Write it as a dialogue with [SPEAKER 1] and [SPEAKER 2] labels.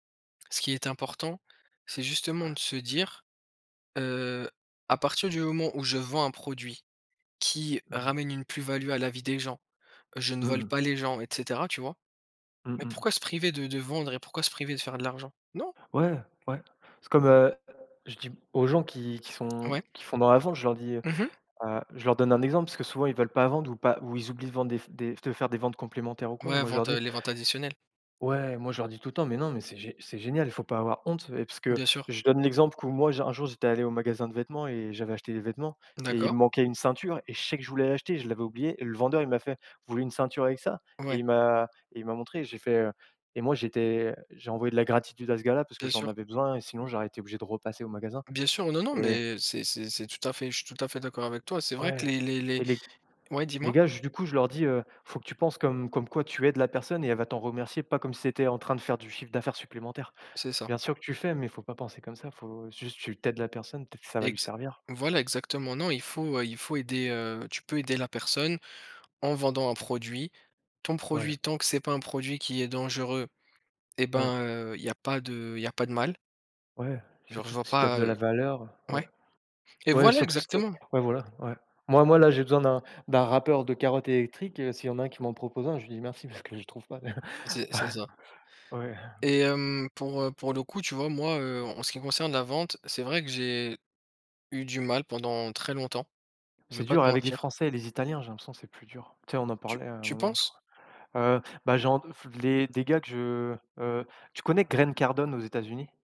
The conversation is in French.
[SPEAKER 1] Ce qui est important, c'est justement de se dire, heu: «À partir du moment où je vends un produit qui
[SPEAKER 2] Mmh.
[SPEAKER 1] ramène une plus-value à la vie des gens, heu, je ne
[SPEAKER 2] Mmh
[SPEAKER 1] vole
[SPEAKER 2] mh.
[SPEAKER 1] pas les gens», et cetera, tu vois?
[SPEAKER 2] Mmh
[SPEAKER 1] Mais
[SPEAKER 2] mh.
[SPEAKER 1] pourquoi se priver de de vendre et pourquoi se priver de faire de l'argent? Non!
[SPEAKER 2] Ouais, ouais, c'est comme, heu, je dis aux gens qui qui sont
[SPEAKER 1] Ouais.
[SPEAKER 2] qui font dans la vente, je leur dis, heu,
[SPEAKER 1] Mmh mh.
[SPEAKER 2] heu je leur donne un exemple parce que, souvent ils veulent pas vendre ou pas ou ils oublient de vendre des f des de faire des ventes complémentaires, ou quoi, et
[SPEAKER 1] Ouais,
[SPEAKER 2] moi je leur
[SPEAKER 1] ventes, heu,
[SPEAKER 2] dis
[SPEAKER 1] les ventes additionnelles.
[SPEAKER 2] ouais, moi, je leur dis tout le temps: «Mais non, mais c'est gé c'est génial, il faut pas avoir honte» et parce que
[SPEAKER 1] Bien sûr.
[SPEAKER 2] je donne l'exemple q où moi j'ai un jour j'étais allé au magasin de vêtements et j'avais acheté des vêtements, et il
[SPEAKER 1] D'accord.
[SPEAKER 2] me manquait une ceinture, et je sais que je voulais l'acheter, je l'avais oublié, et le vendeur, il m'a fait: «Vous voulez une ceinture avec ça?». Et
[SPEAKER 1] Ouais.
[SPEAKER 2] il m'a et il m'a montré, j'ai fait, heu, et moi j'étais j'ai envoyé de la gratitude à ce gars-là, parce que
[SPEAKER 1] Bien
[SPEAKER 2] j'en
[SPEAKER 1] sûr.
[SPEAKER 2] avais besoin, et sinon j'aurais été obligé de repasser au magasin,
[SPEAKER 1] Bien sûr, non, non,
[SPEAKER 2] et
[SPEAKER 1] mais c'est c'est c'est tout à fait je suis à fait d'accord avec toi. C'est vrai que
[SPEAKER 2] Ouais,
[SPEAKER 1] les les les
[SPEAKER 2] et les
[SPEAKER 1] ouais,
[SPEAKER 2] les
[SPEAKER 1] dis-moi.
[SPEAKER 2] gars ju du coup, je leur dis, heu: «Faut que tu penses comme comme quoi tu aides la personne et elle va t'en remercier pas comme si c'était en train de faire du chiffre d'affaires supplémentaire.
[SPEAKER 1] C'est ça.
[SPEAKER 2] Bien sûr que tu fais, mais il faut pas penser comme ça, faut juste tu tu aides la personne, peut-être ça va lui
[SPEAKER 1] Exa
[SPEAKER 2] servir».
[SPEAKER 1] voilà, exactement, non il faut, heu, il faut aider, heu, tu peux aider la personne en vendant un produit. Ton
[SPEAKER 2] Ouais.
[SPEAKER 1] produit, tant que c'est pas un produit qui est dangereux eh
[SPEAKER 2] Ouais.
[SPEAKER 1] ben, heu, il y a pas de il y a pas de mal.
[SPEAKER 2] Ouais,
[SPEAKER 1] Genre, je
[SPEAKER 2] surtout t
[SPEAKER 1] vois
[SPEAKER 2] si t'offres
[SPEAKER 1] pas,
[SPEAKER 2] de la
[SPEAKER 1] heu
[SPEAKER 2] valeur. Ouais.
[SPEAKER 1] ouais? Et
[SPEAKER 2] Ouais,
[SPEAKER 1] voilà,
[SPEAKER 2] surtout si tu es
[SPEAKER 1] exactement!
[SPEAKER 2] ouais, voilà, ouais. Moi moi, là, j'ai besoin d'un d'un râpeur de carottes électrique, et s'il y en a qui m'en propose un, je lui dis merci, parce que je le trouve pas.
[SPEAKER 1] C'est c'est ça.
[SPEAKER 2] Ouais.
[SPEAKER 1] Et hem, pour, heu, pour le coup, tu vois, moi, heu, en ce qui concerne la vente, c'est vrai que j'ai eu du mal pendant très longtemps, je
[SPEAKER 2] C'est
[SPEAKER 1] vais pas
[SPEAKER 2] dur
[SPEAKER 1] te
[SPEAKER 2] avec les
[SPEAKER 1] mentir.
[SPEAKER 2] Français et les Italiens, j'ai l'impression, c'est plus dur. Tu sais, on en
[SPEAKER 1] Tu
[SPEAKER 2] parlait à un
[SPEAKER 1] tu
[SPEAKER 2] moment, je crois.
[SPEAKER 1] penses?
[SPEAKER 2] Heu, bah, j'en f les des gars que je, heu, tu connais Grant Cardon, aux États-Unis?